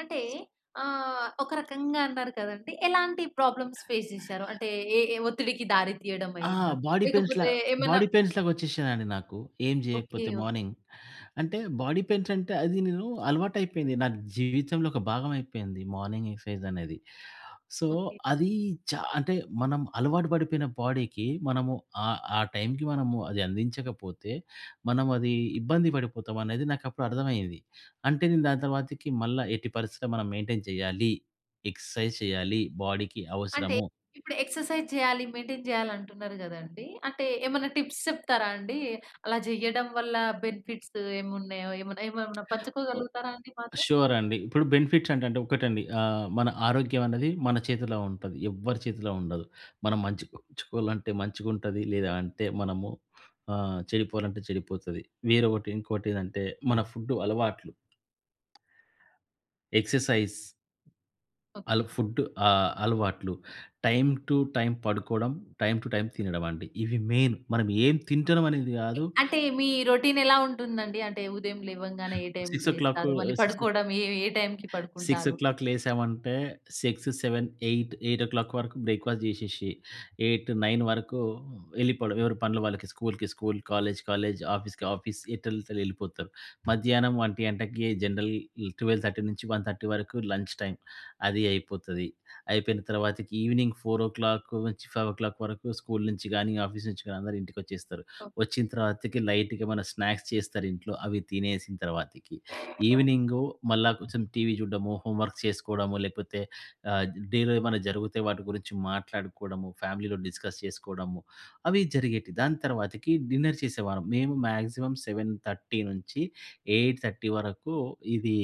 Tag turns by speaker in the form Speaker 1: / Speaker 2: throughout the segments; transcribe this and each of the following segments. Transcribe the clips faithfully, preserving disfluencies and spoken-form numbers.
Speaker 1: అంటే ఆహ్, ఒక రకంగా అన్నారు కదండీ! ఎలాంటి ప్రాబ్లమ్స్ ఫేస్ చేసారు? అంటే ఏ ఏ ఒత్తిడికి దారి
Speaker 2: ఆ!
Speaker 1: తీయడమయిందా?
Speaker 2: బాడీ పెయిన్స్‌లా
Speaker 1: లేకపోతే ఏమన్నా
Speaker 2: బాడీ పెయిన్స్‌లాగా వచ్చేసినాయండి నాకు. ఏం
Speaker 1: ఓకే.
Speaker 2: జెయ్యకపోతే
Speaker 1: ఓకే.
Speaker 2: మార్నింగ్ అంటే బాడీ పెయిన్స్ అంటే అది నేను అలవాటయిపోయింది. నాకు జీవితంలో ఒక భాగమైపోయింది మార్నింగ్ ఎక్సైజనేది. So
Speaker 1: okay.
Speaker 2: అదీ చా అంటే మనం అలవాటు పడిపోయిన బాడీకి మనము ఆహ్, ఆ టైమ్‌కి మనము అది అందించకపోతే, మనం అది ఇబ్బంది పడిపోతామనేది నాకప్పుడర్థమయ్యేది. అంటే నేను దాని తర్వాతకి మళ్ళ ఎట్టి పరిస్థితిలో మనం మెయింటైన్ చేయ్యాలి, ఎక్సర్సైజ్ చేయాలి బాడీకి
Speaker 1: అంటే
Speaker 2: అవసరము.
Speaker 1: ఇప్పుడు ఎక్సర్సైజ్ జేయాలి, మెయింటైన్ జేయాలంటున్నారు గదండీ! అంటే ఏమన్నా టిప్స్ చెప్తా రాండి? అలా చెయ్యడం వల్ల బెనిఫిట్స్ ఏమున్నాయో ఏమున్నేమున్నా
Speaker 2: ఓహ్!
Speaker 1: పంచుకోగలుగుతారా అండి మాతో?
Speaker 2: షూరండి. ఇప్పుడు బెనిఫిట్స్ అంటంటే ఒక్కటండి. ఆహ్, మన ఆరోగ్యమన్నది మన చేతిల్లో ఉంటది. ఎవ్వరి చేతిలో ఉండదు. మనం మంచిగుంచుకోవాలంటే మంచిగుంటది లేదా అంటే మనము ఆహ్, చెడిపోవాలంటే చెడిపోతది. వేరొకటి ఇంకోటి ఏదంటే మన ఫుడ్డు అలవాట్లు. Exercise
Speaker 1: okay.
Speaker 2: ఆళ్ళకు ఫుడ్డు ఆహ్, అలవాట్లు టైమ్ టూ టైమ్ పడుకోవడం, టైమ్ టూ టైమ్ తినడమండి. ఇవి మెయిన్ మనం ఏమి తింటున్నామనేది
Speaker 1: ఎ
Speaker 2: గాదు.
Speaker 1: అంటే మీ రొటీనెలా ఉంటుందండి? అంటే ఉదయం లేవంగానే ఏ టైమ్‌కి
Speaker 2: సిక్స్ ఓ క్లాక్
Speaker 1: లేస్తారు. మళ్ళీ
Speaker 2: సిక్స్
Speaker 1: పడుకోవడం ఏ ఏ టైమ్‌కి
Speaker 2: సిక్స్ ఓ
Speaker 1: పడుకుంటారు?
Speaker 2: Clock లేసామంటే six seven eight eight ఓ క్లాక్ వరకు బ్రేక్‌ఫాస్ట్ జేసేసి ఎయిట్ నైన్ వరకు ఎళ్ళిపోవడం, ఎవరి పనులు వాళ్ళకి స్కూలుకి స్కూలు, కాలేజ్ కాలేజ్, ఆఫీస్‌కి ఆఫీస్ ఎటేల్లెటోల్లటు ఎళ్ళిపోతారు. మధ్యాహ్నం ఒంటి గంటకి జనరల్ ట్వెల్వ్ థర్టీ నుంచి వన్ థర్టీ వరకు లంచ్ టైమ్ అది అయిపోతది. అయిపోయిన తర్వాతకి ఈవెనింగ్ ఫోర్ ఓ క్లాక్ నుంచి ఫైవ్ ఓ క్లాక్ వరకు స్కూలు నించి గానీ ఆఫీసు నించి గానీ అందరూ ఇంటికొచ్చేస్తారు.
Speaker 1: ఓహ్!
Speaker 2: వచ్చిన తర్వాతకి లైట్‌గా ఏమన్నా స్నాక్స్ చేస్తారింట్లో. అవి తినేసిన తర్వాతకి ఈవెనింగు మళ్ళా కొంచుం టీవీ చూడ్డము, హోంవర్క్ చేసుకోవడము లేకపోతే ఆహ్, జ్ డేలో ఏమైనా జరుగుతే వాటి గురించి మాట్లాడుకోవడము. ఫ్యామిలీలో డిస్కస్ చేసుకోడము. అవి జరిగేటి దాని తర్వాతకి డిన్నర్ చేసేవారం. మేము మాక్సిమం సెవెన్ థర్టీ నించి ఎయిట్ థర్టీ వరకు ఇదీ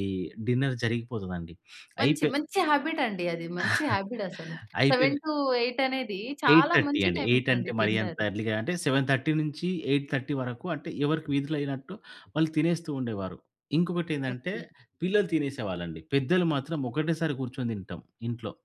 Speaker 2: డిన్నర్ జరిగిపోతదండి.
Speaker 1: మంచి
Speaker 2: అయిపే
Speaker 1: మంచి హాబిటండి అది. మంచి హాబిటసలు.
Speaker 2: అయితేలే
Speaker 1: సెవెన్ టూ ఎయిట్ అనేది
Speaker 2: ఎయిట్
Speaker 1: చాలా
Speaker 2: థర్టీ
Speaker 1: మంచి
Speaker 2: అండి. ఎయిట్ అంటే
Speaker 1: టైమింగండి
Speaker 2: మరీ అంత
Speaker 1: డిన్నరు.
Speaker 2: ఎర్లీ‌గా అంటే సెవెన్ థర్టీ నించి ఎయిట్ థర్టీ వరకు అంటే ఎవరికి వీధులైనట్టు వాళ్ళు తినేస్తూ ఉండేవారు. ఇంకొకటి ఏందంటే
Speaker 1: ఓకే.
Speaker 2: పిల్లలు తినేసేవాళ్ళండి. పెద్దలు మాత్రం ఒకటేసారి కూర్చొని తింటాం ఇంట్లో.